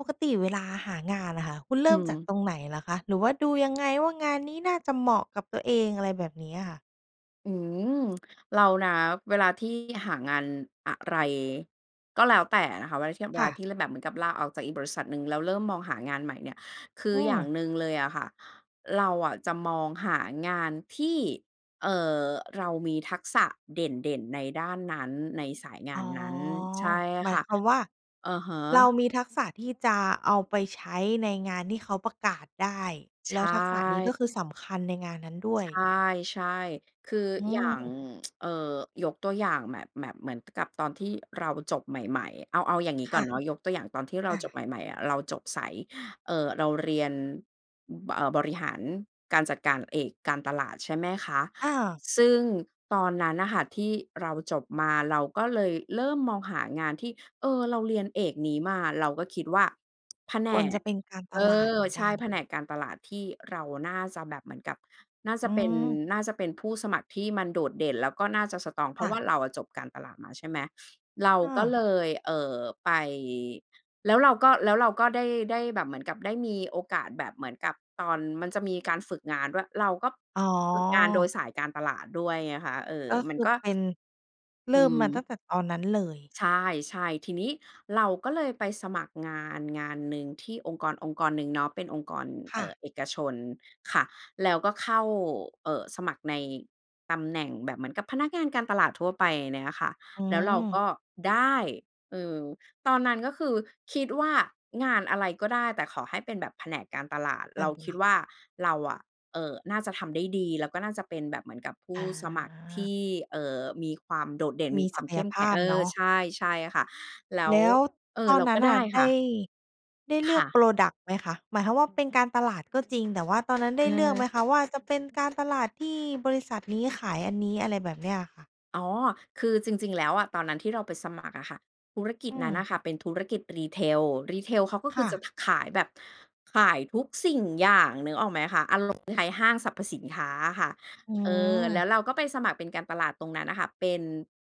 ปกติเวลาหางานอะค่ะ คุณเรอืิ่มอฮจากึ ตรงไหนเหรอคะ? หรือว่าดูยังไง ว่างานนี้น่าจะเหมาะกับตัวเอง อะไรแบบนี้อะค่ะ? อืม เรานะ เวลาที่หางานอะไรก็แล้วแต่นะคะ เวลาเทียบ เวคล่าะ ที่เลยแบบเหมือนกับลาออกจากอีกบริษัทหนึ่ง แล้วเริ่มมองหางานใหม่เนี่ย คืออือย่างม หนึ่งเลยอะค่ะ เราอะจะมองหางานที่ เอ่อ เรามีทักษะเด่น ๆ ในด้านนั้น ในสายงาอ๋นอ นั้น ใช่หมคา่ยะ ความว่า อะฮเราะ มีทักษะที่จะเอาไปใช้ในงานที่เขาประกาศได้ ใชแล้วทักษะนี้่ ก็คือสำคัญในงานนั้นด้วใชย ่ ๆ คืออือย่าง ม เอ่อ ยกตัวอย่างแบบ แบบเหมือนกับตอนที่เราจบใหม่ ๆ เอา เอาอย่างงี้คก่อ่ะ นเนาะ ยกตัวอย่างตอนที่เราอจบา ใหม่ ๆ อะ เราจบสาย เอ่อ เราเรียน บ เอ่อ บริหารการจัดการ เอกการตลาด ใช่ไหมคะ อา ซึ่งตอนนั้นน่ะค่ะที่เราจบมา เราก็เลยเริ่มมองหางานที่ เออ เราเรียนเอกนี้มา เราก็คิดว่า แผนควรจก ะเป็นการตเอลาดเอ หมือนใชก่ ัน แผนกการตลาดที่เราน่าจะแบบเหมือนกับน่าจอืะเป็น ม น่าจะเป็นผู้สมัครที่มันโดดเด่น แล้วก็น่าจะ สตรอง เพรคา่ะวะ ่าเราอะจบการตลาดมา ใช่ไหม เราอก็า เลย เอ่อ ไป แล้วเราก็ แล้วเราก็ได้ ได้แบบเหมือนกับได้มีโอกาสแบบเหมือนกับตอน มันจะมีการฝึกงานด้วย เราก็อ๋ฝึกงานโดยอ สายการตลาดด้วยไงคะ เออ ก็มคันือก็ เป็น เรอิื่มมม าตั้งแต่ตอนนั้นเลย ใช่ ๆ ทีนี้เราก็เลยไปสมัครงานงานหนึ่งที่องค์กรองค์กรหนึ่งเนาะ เป็นองค์กร คเอ่่อ ะ เอกชนค่ะ แล้วก็เข้า เอ่อ สมัครในตำแหน่งแบบเหมือนกับพนักงานการตลาดทั่วไปเนี้ยนะคะ อืแล้วเราม ก็ได้ เออ ตอนนั้น ก็คือคิดว่างานอะไรก็ได้ แต่ขอให้เป็นแบบแผนกการตลาด กเราารตคิลดาด ว่าเราอะ เอ่อ น่าจะทำได้ดี แล้วก็น่าจะเป็นแบบเหมือนกับผูอ้๋สมัครทอ ี่ เอ่อ มีความโดดเด่น มมีีควศาัมกเขย้มภแข็ง าพเอเนอ าะ ใช่ ๆ ค่ะ แล้แว ล้วเออ ตอเนรานัก้็นไนด่ะ้ไคด่ะ ้ ได้เลคือ่ก ะ พรอดักต์ ไหมคะ? หมายความว่าเป็นการตลาดก็จริง แต่ว่าตอนนั้นไอด้เลือกไหืมม คะว่าจะเป็นการตลาดที่บริษัทนี้ขายอันนี้ อะไรแบบเนี้ยอะค่ะ? อ๋อ คือจริง ๆ แล้วอะ ตอนนั้นที่เราไปสมัครอะค่ะ ธุรกิอจืนั้นน่ม ะค่ะเป็นธุรกิจ retail retail เขาก็คคื่อจะ ะ ท ขายแบบ ขายทุกสิ่งอย่าง นึกออกไหมคะ อารมณ์ คล้ายห้างสรรพสินค้าอะค่ะ อืเออ แล้ม วเราก็ไปสมัครเป็นการตลาดตรงนั้นน่ะค่ะ เป็น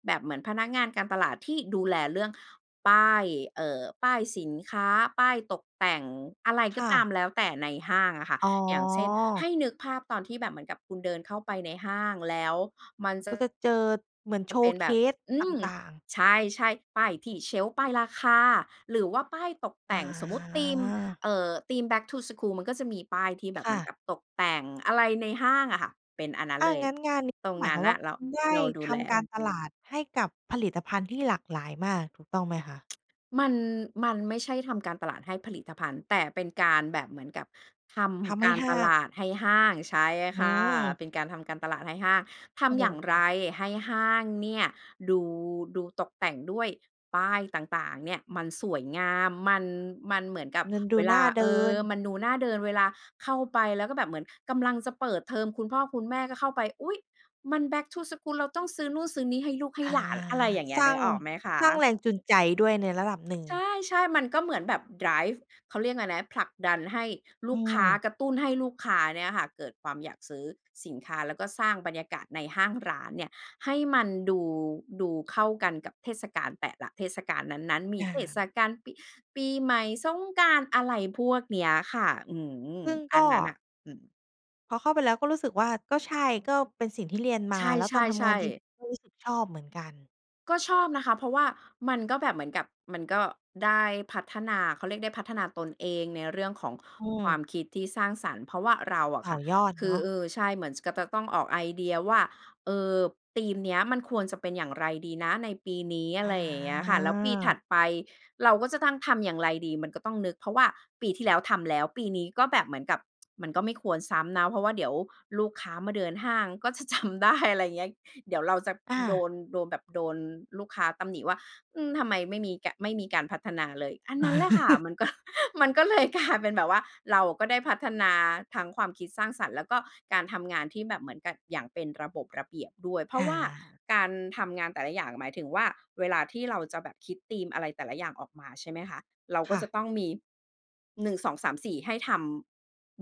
แบบเหมือนพนักงานการตลาดที่ดูแลเรื่องป้าย เอ่อ ป้ายสินค้า ป้ายตกแต่ง อะไรคก็่ตามะ แล้วแต่ในห้างอะค่ะ อ๋อ อย่างเช่น ให้นึกภาพตอนที่แบบเหมือนกับคุณเดินเข้าไปในห้าง แล้วมันจอ ะ ก็จะเจอเหมือน มันเป็นแบบ showcase อืตม ่าง ๆ ใช่ ๆ ป้ายที่เชลฟ์ ป้ายราคา หรือว่าป้ายตกแอต๋่ง สมมุติธีม อ เออ ธีม back to school มันก็จะมีป้ายที่แบบคเหม่ือนะ กับตกแต่งอะไรในห้างอะค่ะ เป็นอันนั้นอา เลย งั้นงานนี้ตรก็งหมานยัค้วนามนว่่าะ เครุา ณได้เราดูทแล ำการตลาดให้กับผลิตภัณฑ์ที่หลากหลายมาก ถูกต้องไหมคะ? มัน มันไม่ใช่ทำการตลาดให้ผลิตภัณฑ์ แต่เป็นการแบบเหมือนกับททำใำกห้ารหต้าลง าดให้ห้าง ใช่อืค่ะ ม เป็นการทำการตลาดให้ห้าง ทโอ้ำโอย่างไรฮ ให้ห้างเนี่ย ดู ดูตกแต่งด้วยป้ายต่าง ๆ เนี่ยมันสวยงาม มัน มันเหมือนกับเงินดเวูลน่า าเเดอิอ น มันดูหน้าเดินเวลาเข้าไป แล้วก็แบบเหมือนกำลังจะเปิดเทอม คุณพ่อคุณแม่ก็เข้าไป อุ๊ย มัน back to school เราต้องซื้อนู่นซื้อนี่ให้ลูกให้อา หลาน อะไรอย่างเงี้สย ร้นึาง กออกไหมคะ? สร้างแรงจูงใจ ด้วยในระดับหนึ่ง ใช่ ๆ มันก็เหมือนแบบไดรฟ์ เขาเรียกอะไรนะ ผลักดันให้ลอูืกค้า ม กระตุ้นให้ลูกค้าเนี่ยค่ะ เกิดความอยากซื้อสินค้า แล้วก็สร้างบรรยากาศในห้างร้านเนี่ย ให้มันดู ดูเข้ากันกับเทศกาลแต่ละเทศกาลนั้น ๆ มีค่เทศะ กาลปิ ปีใหม่ สงกรานต์อะไรพวกเนี้ยค่ะ อืม ซึ่งอกัน็ นั้นน่ะ อืม พอเข้าไปแล้วก็รู้สึกว่า ก็ใช่ ก็เป็นสิ่งที่เรียนมใา แล้วชตอนทำงาน่ จริๆ งๆ ก็รู้สึกชอบเหมือนกัน ก็ชอบนะคะ เพราะว่ามันก็แบบเหมือนกับมันก็ได้พัฒนา เขาเรียกได้พัฒนาตนเอง ในเรื่องของอืความ มคิดที่สร้างสรรค์ เพราะว่าเราอะต่ค่อะ ยอดคเืนอ าะ เออ ใช่ เหมือนกับจะก็ต้องออกไอเดียว่า เออ ธีมเนี้ยมันควรจะเป็นอย่างไรดีนะในปีนี้ ออะไรอย่างเงี้ยค่ะ แล้วปีถา ัดไป เราก็จะตั้งทำอย่างไรดี มันก็ต้องนึก เพราะว่าปีที่แล้วทำแล้ว ปีนี้ก็แบบเหมือนกับ มันก็ไม่ควรซ้ำนะ เพราะว่าเดี๋ยวลูกค้ามาเดินห้าง ก็ จะจำได้ อะไรเงี้ย เดี๋ยวเราจะอโดา น โดนแบบ โดนลูกค้าตำหนิว่า อืม ทำไมไม่มีกา ไม่มีการพัฒนาเลย อันนั้นแหละค่ะ มันก็ มันก็เลยกลายเป็นแบบว่า เราอะก็ได้พัฒนาทั้งความคิดสร้างสรรค์ แล้วก็การทำงานที่แบบเหมือนกับอย่างเป็นระบบระเบียบด้วย เพราอะว่าา การทำงานแต่ละอย่าง หมายถึงว่า เวลาที่เราจะแบบคิดธีมอะไรแต่ละอย่างออกมา ใช่ไหมคะ เรากค็่จะะ ต้องมี 1 2 3 4 ให้ทำ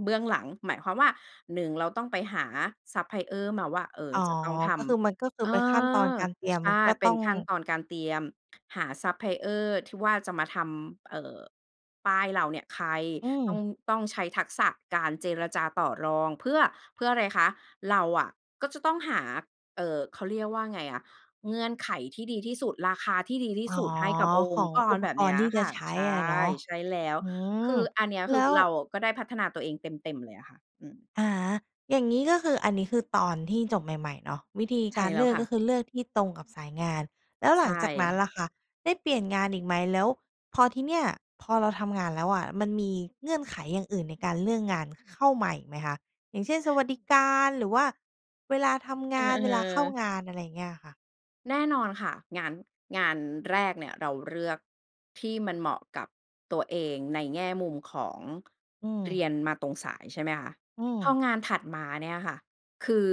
เบื้องหลัง หมายความว่า 1 เราต้องไปหาซัปพลายเออร์มาว่า เออ อ๋อ จะต้องทก็คือมันก็คืำ อเอเป็นขั้นตอนอ การเตรียม ใชมัน่ ก็เปต็้อนง ขั้นตอนการเตรียม หาซัปพลายเออร์ที่ว่าจะมาทำ เอ่อ ป้ายเหล่าเนี้ย ใคร? อืต้อม ง ต้องใช้ทักษะการเจรจาต่อรอง เพื่อ เพื่ออะไรคะ? เราอะก็ต้องหา เอ่อ เขาเรียกว่าไงอะ เงื่อนไขที่ดีที่สุด ราคาที่ดีที่อ๋อ สุดให้กับอขงอค์งกอร ุปแบกบเนีร้ณย์ที่จคะ่ะ ใช้ใชอะ่ เนาะ ใช่แล้ว อืม คืออันเนี้ย แคลื้อว เราอะ ก็ได้พัฒนาตัวเองเต็ม ๆ เลยอะค่ะ อืม อะฮะ อย่างงี้ก็คือ อันนี้คือตอนที่จบใหม่ ๆ เนาะ วิธีใชก่ารแลเล้ืวอก ค่ก็ะ คือเลือกที่ตรงกับสายงาน แล้วใชหลังจากนั้น่ ล่ะคะ ได้เปลี่ยนงานอีกไหม? แล้วพอที่เนี่ย พอเราทำงานแล้วอะ มันมีเงื่อนไขอย่างอื่นในการเลือกงานเข้ามาอีกไหมคะ? อย่างเช่น สวัสดิการ หรือว่าเวลาทำงเอาน เวลาเข้าอ ๆ งาน อะไรเงี้ยค่ะ แน่นอนค่ะ งาน งานแรกเนี่ยเราเลือก ที่มันเหมาะกับตัวเองในแง่มุมของ อืเรม ียนมาตรงสาย ใช่ไหมคะ? อืพอม งานถัดมาเนี่ยค่ะ คือ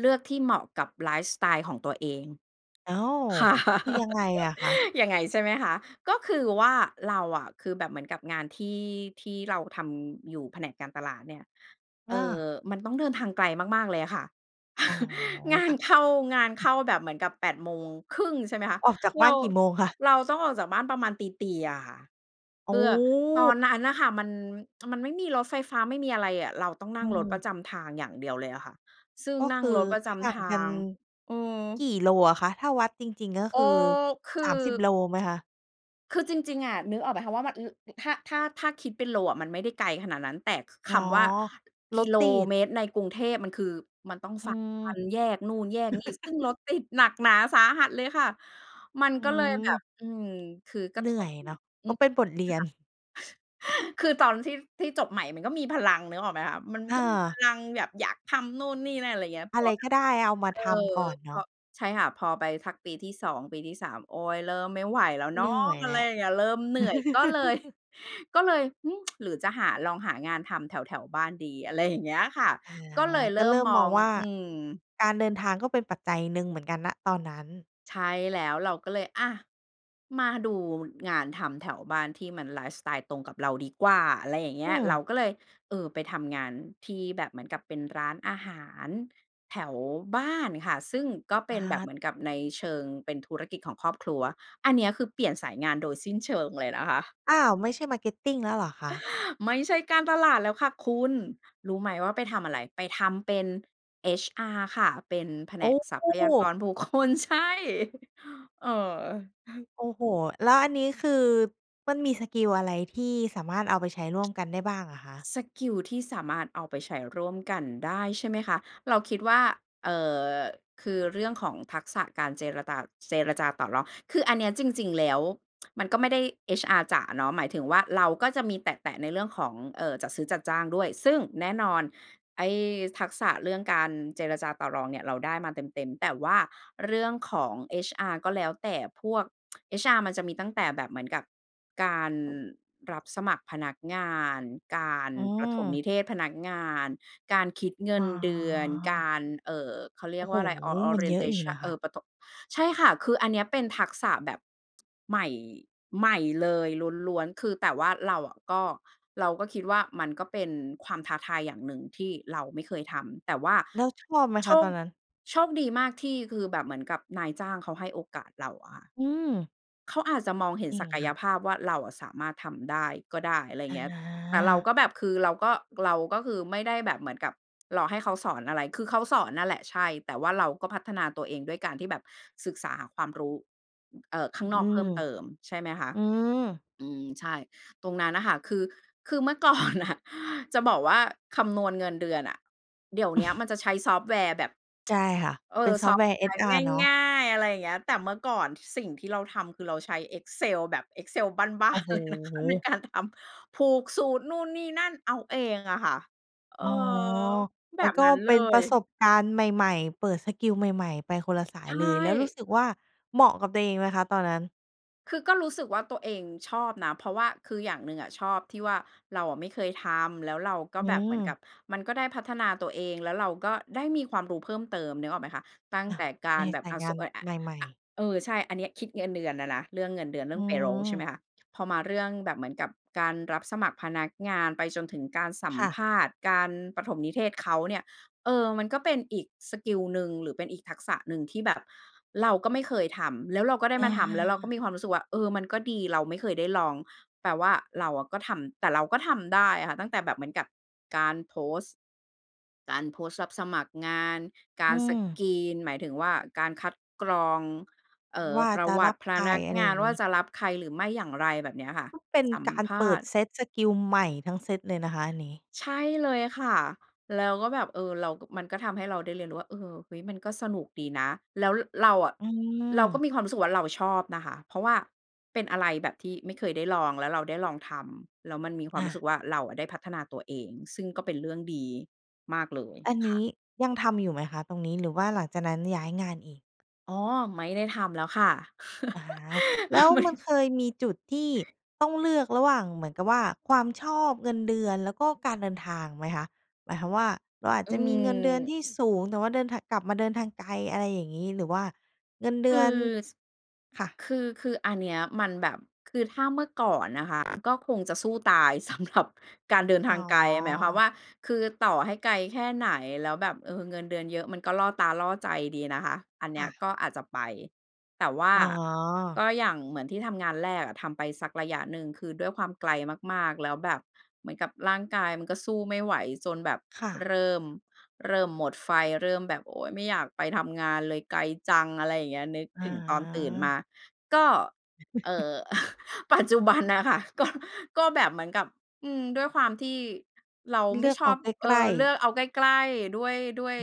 เลือกที่เหมาะกับไลฟ์สไตล์ของตัวเอง อ้าว! ค่ะ คือยังไงอะคะ? ยังไง ใช่ไหมคะ? ก็คือว่าเราอะ คือแบบเหมือนกับงานที่ ที่เราทำอยู่แผนกการตลาดเนี่ย อเอ่อ า มันต้องเดินทางไกลมาก ๆ เลยอะค่ะ อ๋อ งาคน่เข้า ะ งานเข้าแบบเหมือนกับ 08:30 น. ใช่ไหมคะ ออกจากบเร้าา นกี่โมงคะ? เราต้องออกจากบ้านประมาณตี ๆ อะค่ะ โเอพื่อ ตอ้ นนั้นน่ะค่ะ มัน มันไม่มีรถไฟฟ้าไม่มีอะไรอะ เราต้องนอั่ืงรถประม จำทางอย่างเดียวเลยอะค่ะ ซึ่งก็นัค่งือรถประจห่าำทงกาัน ง อืม กี่โลอะคะ? ถ้าวัดจริง ๆ ก็เอคอ ือ คือ 30 โลไหมคะ? คือจริง ๆ อะ นึกออกไหมคะ ว่ามัน อึ ถ้า ถ้า ถ้าคิดเป็นโลอะ มันไม่ได้ไกลขนาดนั้น แต่ ค คอ๋อ ำว่า กริถโลติด เมตรในกรุงเทพ มันคือ มันต้องอืฝ่าฟัอ นแยกนู่น แยกนี่ ซึ่งรถติดหนักหนาสาหัสเลยค่ะ มันอืก็เลยแบบ ม อืม คือกรเะหนทื่อบ ยอืเนาม ะ อืก็อ เป็นบทเรียน ค่ะ คือตอนที่ ที่จบใหม่มันก็มีพลังนึกออกไหมคะ? มันก็มีพเออ ลังแบบอยากทำนู่น นี่ นั่น อะไรอย่างเงี้ย พอะอไรแบกบ ็ได้ เอามาเออ ทำก่อนพเนาอ ะ ใช่ค่ะ พอไปสักปีที่ 2 ปีที่ 3 โอ้ เริ่มไม่ไหวแล้วเเนหานะ ื่อยอแะหไลระ อย่างเงี้ย เริ่มเหนื่อยก็เลย ก็เลย อืม หรือจะหา ลองหางานทำแถว ๆ บ้านดี อะไรอย่างเงี้ยค่ะ อา ก็เลยเกริ่็เมริ่มมอมองง ว่า อืม การเดินทางก็เป็นปัจจัยหนึ่งเหมือนกัน ณ ตอนนั้น ใช่แล้ว เราก็เลย อะ มาดู งานทำแถวบ้านที่มันไลฟ์สไตล์ตรงกับเราดีกว่า อะไรอย่างเงอี้ืย เรม าก็เลย เออ ไปทำงาน ที่แบบเหมือนกับเป็นร้านอาหารแถวบ้านค่ะ ซึ่งก็เปอ็นแบบเา หมือนกับในเชิงเป็นธุรกิจของครอบครัว อันเนี้ย คือ เปลี่ยนสายงานโดยสิ้นเชิงเลยนะคะ อ้าว ไม่ใช่ Marketing แล้วเหรอคะ? ไม่ใช่การตลาดแล้วค่ะคุณ รู้ไหมว่าไปทำอะไร ไปทำเป็น HR ค่ะ เป็นแผโนกอทรัพยาก้! รบุค คล ใช่ เออ โอ้โฮ! แล้วอันนี้คือ มันมีสกิลอะไร ที่สามารถเอาไปใช้ร่วมกันได้บ้างอะคะ? สกิลที่สามารถเอาไปใช้ร่วมกันได้ใช่ไหมคะ? เราคิดว่า เอ่อ คือเรื่องของทักษะการเจรตา เจรจาต่อรอง คืออันนี้จริง ๆ แล้ว มันก็ไม่ได้ HR จ๋าเนาะ หมายถึงว่า เราก็จะมีแตะ ๆ ในเรื่องของ เอ่อ จัดซื้อจัดจ้างด้วย ซึ่งแน่นอนไอ้ ทักษะเรื่องการเจรจาต่อรองเนี่ยเราได้มาเต็ม ๆ แต่ว่าเรื่องของ HR ก็แล้วแต่พวก HR มันจะมีตั้งแต่แบบเหมือนกับการ รับสมัครพนักงาน การ อืปฐมนม ิเทศพนักงาน การคิดเงิอ้นอ เดือน การ เอ่อ เขาเรีโอย้กโวฮ! ่าอะไร ออ ออมันเรีเยนยอเทะอยูช่ันน ะเคอ่ะ อ ปฐบ ใช่ค่ะ คืออันเนี้ยเป็นทักษะแบบ ใหม่ ใหม่เลยล้วน ๆ คือแต่ว่าเราอะก็ เราก็คิดว่า มันก็เป็นความท้าทายอย่างหนึ่งที่เราไม่เคยทำ แต่ว่าแล้วชอบไหมโชคะตค อนนั้น? โชคดีมากที่คือแบบเหมือนกับนายจ้างเขาให้โอกาสเราอะค่ะ อืม เขาอาจจะมองเห็นนี่ศัไงกคยะ ภาพว่า เราอะสามารถทำได้ก็ได้ อะไรอเงี้ย แต่เรากา ็แบบ คือเราก็ เราก็คือ ไม่ได้แบบเหมือนกับรอให้เขาสอนอะไร คือเขาสอนนั่นแหละ ใช่ แต่ว่าเราก็พัฒนาตัวเองด้วยการที่แบบศึกษาหาความรู้ เอ่อ ข้อางนือกเพิม ่มเติม ใช่ไหมคะ? อืม อืม ใช่ ตรงนั้นน่ะค่ะ คือ คือเมื่อ ก่อน น่ะ จะบอกว่าคำนวณเงินเดือนอะ เดี๋ยวเนี้ยมันจะใช้ซอฟต์แวร์แบบ ใช่ค่ะ เอเป่็อ นซซอฟอต์ฟแวต์ร์ แวร์HR เนาะ ง่าย ๆ อะไรเงี้ย แต่เมื่อก่อนสิ่งที่เราทำคือเราใช้ Excel แบบ Excel บ้าโอ้น โๆ เลยนะคะ ในฮ! การทำ ผูกสูตรนู่น นี่ นั่น เอาเองอะค่ะ เอออ ๋อ แมบันบก็นั้นเเปล็นปย ระสบการณ์ใหม่ ๆ เปิดสกิลใหม่ ๆ ไปคนละสาใชยเลย แล้วรู้่ สึกว่า เหมาะกับตัวเองไหมคะ? ตอนนั้น คือก็รู้สึกว่าตัวเองชอบนะ เพราะว่าคืออย่างหนึ่งอะชอบที่ว่า เราอะไม่เคยทำ แล้วเราก็อืแบบเหมือนกัม บ มันก็ได้พัฒนาตัวเอง แล้วเราก็ได้มีความรู้เพิ่มเติม นึกออกไหมคะ? ตั้งอะ แต่กาในรแบสบ ายอา งส านอ อ ใหม่ อ ๆ เออ ใช่ อันเนี้ยคิดเงินเดือนอะนะ เรื่องเงินเดือน เรือ่ือง payroll ใช่ไหมม คะ? พอมาเรื่องแบบเหมือนกับการรับสมัครพนักงาน ไปจนถึงการสัคม่ะ ภาษณ์ การปฐมนิเทศเขาเนี่ย เออ มันก็เป็นอีกสกิลหนึ่ง หรือเป็นอีกทักษะหนึ่งที่แบบเราก็ไม่เคยทำ แล้วเราก็ได้อะมาทฮำ แล้วเราก็ะ มีความรู้สึกว่า เออ มันก็ดี เราไม่เคยได้ลอง แปลว่าเราอะก็ทำ แต่เราก็ทำได้อะค่ะ ตั้งแต่แบบเหมือนกับ การโพสต์ การโพสต์รับสมัครงาน กอาืร สม กรีน หมายถึงว่า การคัดกรอง เอ่อ ว่าปรจะะวรัตับิพใคร นักอะไรงาอยน่างว่งา ี้ จะรับใครหรือไม่ อย่างไร แบบเนี้ยค่ะ เป็นสัมการภเปาิดษณ์ เซตสกิลใหม่ทั้งเซตเลยนะคะอันนี้ ใช่เลยค่ะ แล้วก็แบบ เออ เรา ก มันก็ทำให้เราได้เรียนรู้ว่า เออ "เฮ้ย มันก็สนุกดีนะ" แล้ว ร เราอะ อืเราก็ม มีความรู้สึกว่า เราชอบนะคะ เพราะว่าเป็นอะไรแบบที่ไม่เคยได้ลอง แล้วเราได้ลองทำ แล้วมันมีควาอมรู้สึา กว่า เราอะได้พัฒนาตัวเอง ซึ่งก็เป็นเรื่องดีมากเลย อันนค่ีะ ้ยังทำอยู่ไหมคะตรงนี้ หรือว่าหลังจากนั้นย้ายงานอีก? อ๋อ ไม่ได้ทำแล้วค่ะ อา แล้วไม่ มันเคยมีจุดที่ต้องเลือกระหว่างเหมือนกับว่า ความชอบ เงินเดือน แล้วก็การเดินทางไหมคะ? หมายความว่า เราอาจอืจะมีเงินเดือนม ที่สูง แต่ว่าเดินทาง กลับมาเดินทางไกล อะไรอย่างงี้ หรือว่าเงินเดคือือ น ส ค่ะ คือ คืออันเนี้ยมันแบบ คือถ้าเมื่อก่อนนะคะ ก็คงจะสู้ตาย สำหรับ การเดินอท๋างไกล หมายความวอ ่า คือต่อให้ไกลแค่ไหน แล้วแบบ เออ เงินเดือนเยอะ มันก็ล่อตาล่อใจดีนะคะ อันเนีค้่ยะ ก็อาจจะไป แต่ว่าอ๋กอ ็อย่างเหมือนที่ทำงานแรกอะ ทำไปสักระยะหนึ่ง คือด้วยความไกลมาก ๆ แล้วแบบเหมือนกับร่างกายมันก็สู้ไม่ไหว จนแบบค่ะ เริ่ม เริ่มหมดไฟ เริ่มแบบ "โอ๊ย ไม่อยากไปทำงานเลย ไกลจัง" อะไรอย่างเงี้ย นึกอ๋ถอ ึงตอนตื่นมา ก็ เอ่อ ปัจจุบันน่ะค่ะ ก็ ก็แบบเหมือนกับ อืม ด้วยความที่ เราเไมลื่อกชเออาบ ใกเอลอ ้ เลๆ ือกเอาใกล้ ๆ ด้วย ด้วย อ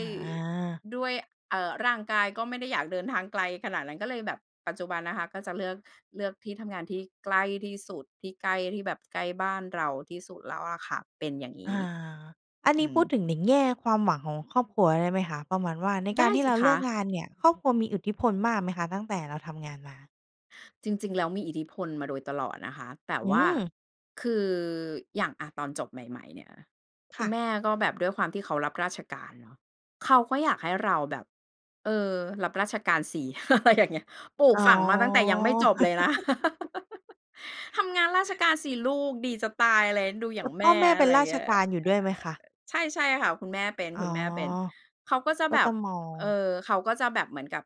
า ด้วย เอ่อ ร่างกายก็ไม่ได้อยากเดินทางไกลขนาดนั้น ก็เลยแบบ ปัจจุบันนะคะ ก็จะเลือก เลือกที่ทำงานที่ใกล้ที่สุด ที่ใกล้ที่แบบ ใกล้บ้านเราที่สุดแล้วอะค่ะ เป็นอย่างงอี้ า อันนอี้ืพูดม ถึงในแง่ความหวังของครอบครัวได้ไหมคะ? ประมาณว่า ในไกดา้รที่สิเราคเลือกะ งานเนี่ย ครอบครัวมีอิทธิพลมากไหมคะ ตั้งแต่เราทำงานมา? จริง ๆ แล้วมีอิทธิพลมาโดยตลอดนะคะ แต่อืว่าม คืออย่าง อ่า ตอนจบใหม่ ๆ เนี่ย คคุ่ณะ แม่ก็แบบด้วยความที่เขารับราชการเนาะ เขาก็อยากให้เราแบบ เออ รับราชการสิ อะไรอย่างเงี้ย ปลูกอ๋ฝอ ั่งมาตั้งแต่ยังไม่จบเลยนะ "ทำงานราชการสิลูกดีจะตาย" อะไรนะ "ดูอยแ่ตา่งแพม่อ่" แม่อเปะ็ไนรราเงชี้ย การอยู่ด้วยไหมคะ? ใช่ ๆ ค่ะ คุณแม่เป็น อ๋คอ ุณแม่เป็น เขาก็จะก็แบจบ ะมอเอ่ง อ เขาก็จะแบบเหมือนกับ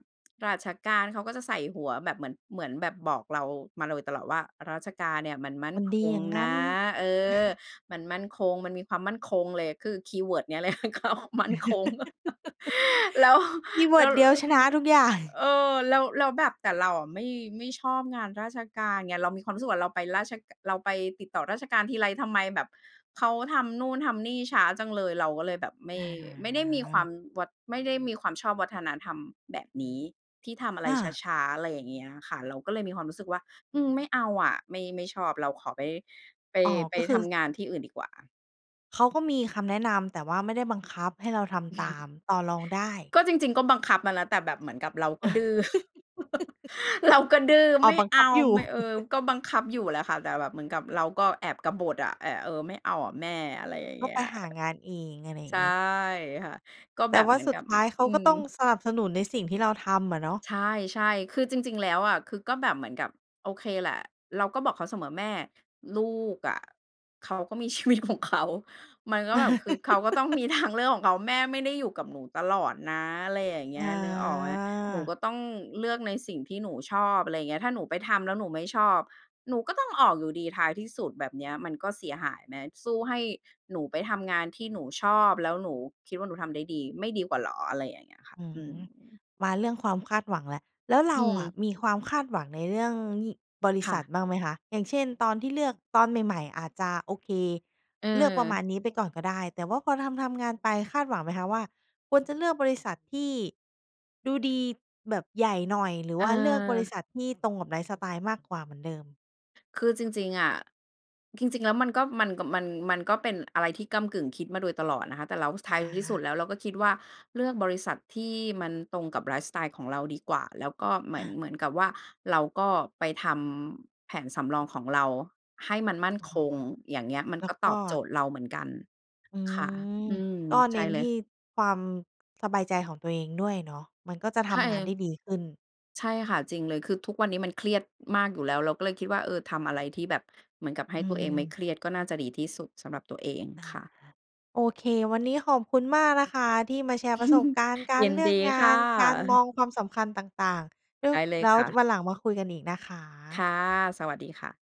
ราชการ เขาก็จะใส่หัวแบบเหมือน เหมือนแบบบอกเรามาโดยตลอดว่า ราชการเนี่ยมันมั่นมันคดีงอย่างงนั้น ะ เออ มันมั่นคง มันมีความมั่นคงเลย คือคีย์เวิร์ดเนี้ย เลย เขา มั่นคง แล้ว คีย์เวแิลร์้ดว เดียวชนะทุกอย่าง เออ แล้ว แล้วแบบ แต่เราอะไม่ ไม่ชอบงานราชการไง เรามีความรู้สึกว่าเราไปราช เราไปติดต่อราชการทีไร ทำไมแบบเขาทำนู่นทำนี่ช้าจังเลย เราก็เลยแบบไม่ อไม่ได้มีควาา มวัด ไม่ได้มีความชอบวัฒนธรรมแบบนี้ ที่ทำอะไรอา ช้า ๆ อะไรอย่างเงี้ยอะค่ะ เราก็เลยมีความรู้สึกว่า อืม ไม่เอาอะ ไม่ ไม่ชอบ เราขอไป ไป อ๋อ ไปก็คืทอ ำงานที่อื่นดีกว่า เขาก็มีคำแนะนำ แต่ว่าไม่ได้บังคับให้เราทำตาม ต่อรองได้ ก็ จริง ๆ ก็บังคับมาแล้ว แต่แบบเหมือนกับเราก็ดื้อ เราก็ ดื้อ อ๋ไอ ม่บังเอคัา บอยู่ ไม่ เออ ก็บังคับอยู่แหละค่ะ แต่แบบเหมือนกับเราก็แอบกบฏอะ แอะ เออ ไม่เอาอะแม่ อะไรอย่างตเ้งองี้ไปย หางานเอง อะไรอย่ใชาง่งี้ ค่ะ ก็แแตบ่บว่เาหมือนสุกดับ ท้ายเขอ าอืก็ม ต้อง สนับสนุนในสิ่งที่เราทำอะเนาะ ใช่ ๆ คือจริง ๆ แล้วอะ คือก็แบบเหมือนกับ โอเคแหละ เราก็บอกเขาเสมอ "แม่ ลูกอะเขาก็มี ชีวิตของเขา มันก็แบบ คือเขาก็ต้องมี ทาง เลือกของเขา แม่ไม่ได้อยู่กับหนูตลอดนะ" ไรอย่างเงอี้ย นึกออกไหม? "หนูา ก็ต้องเลือกในสิ่งที่หนูชอบ" อะไรอย่างเงี้ย "ถ้าหนูไปทำแล้วหนูไม่ชอบ หนูก็ต้องออกอยู่ดีท้ายที่สุด แบบเนี้ย มันก็เสียหายไหม? สู้ให้หนูไปทำงานที่หนูชอบ แล้วหนูคิดว่าหนูทำได้ดี ไม่ดีกว่าเหรอ?" อะไรอย่างเงี้ยค่ะ อือืม ม มาเรื่องความคาดหวังแล้ว แล้วเรอืาอะม มีความคาดหวังในเรื่องงี่ บริค่ษัะ ทบ้างไหมคะ? อย่างเช่น ตอน ที่เลือก ตอนใหม่ ๆ อาจจะ โอเค เลือกประเออ มาณนี้ไปก่อนก็ได้ แต่ว่าพอทำ ๆ งานไป คาดหวังไหมคะว่า ควรจะเลือกบริษัทที่ดูดีแบบใหญ่หน่อย หรือว่าเลือกบริเออ ษัทที่ตรงกับไลฟ์สไตล์มากกว่าเหมือนเดิม? คือจริง ๆ อะ จริง จริงแล้วมันก็ มันก็ มัน มันก็เป็นอะไรที่ก้ำกึ่ง คิดมาโดยตลอดนะคะ แต่เรา ส ทอ้ายที่สุดา แล้วเราก็คิดว่า เลือกบริษัทที่มันตรงกับไลฟ์สไตล์ของเราดีกว่า แล้วก็เหมคือ่น ะ เหมือนกับว่า เราก็ไปทำแผนสำรองของเราให้มันมั่นอ๋อ คง อย่างเงี้ย มันแล้กว็กต็ อบโจทย์ เราเหมือนกัน อืค่ะ ม อืม ก็ใเชน้่นเลทีย ่ความ สบายใจของตัวเองด้วยเนาะ มันก็จะทใช่ำงเาลนย ได้ดีขึ้น ใช่ค่ะ จริงเลย คือทุกวันนี้มันเครียดมากอยู่แล้ว เราก็เลยคิดว่า เออ ทำอะไรที่แบบ เหมือนกับให้อืตัวเองไม่เม ครียด ก็น่าจะดีที่สุดสำหรับตัวเองอา ค่ะ โอเค วันนี้ขอบคุณมากนะคะที่มาแชร์ประสบการณ์กายรินเลืดอกีงคา่น การมะ องความสำคัญต่าง ๆ แล้ไว ด้เลยแล้วค่ะ วันหลังมาคุยกันอีกนะคะ ค่ะ สวัสดีค่ะ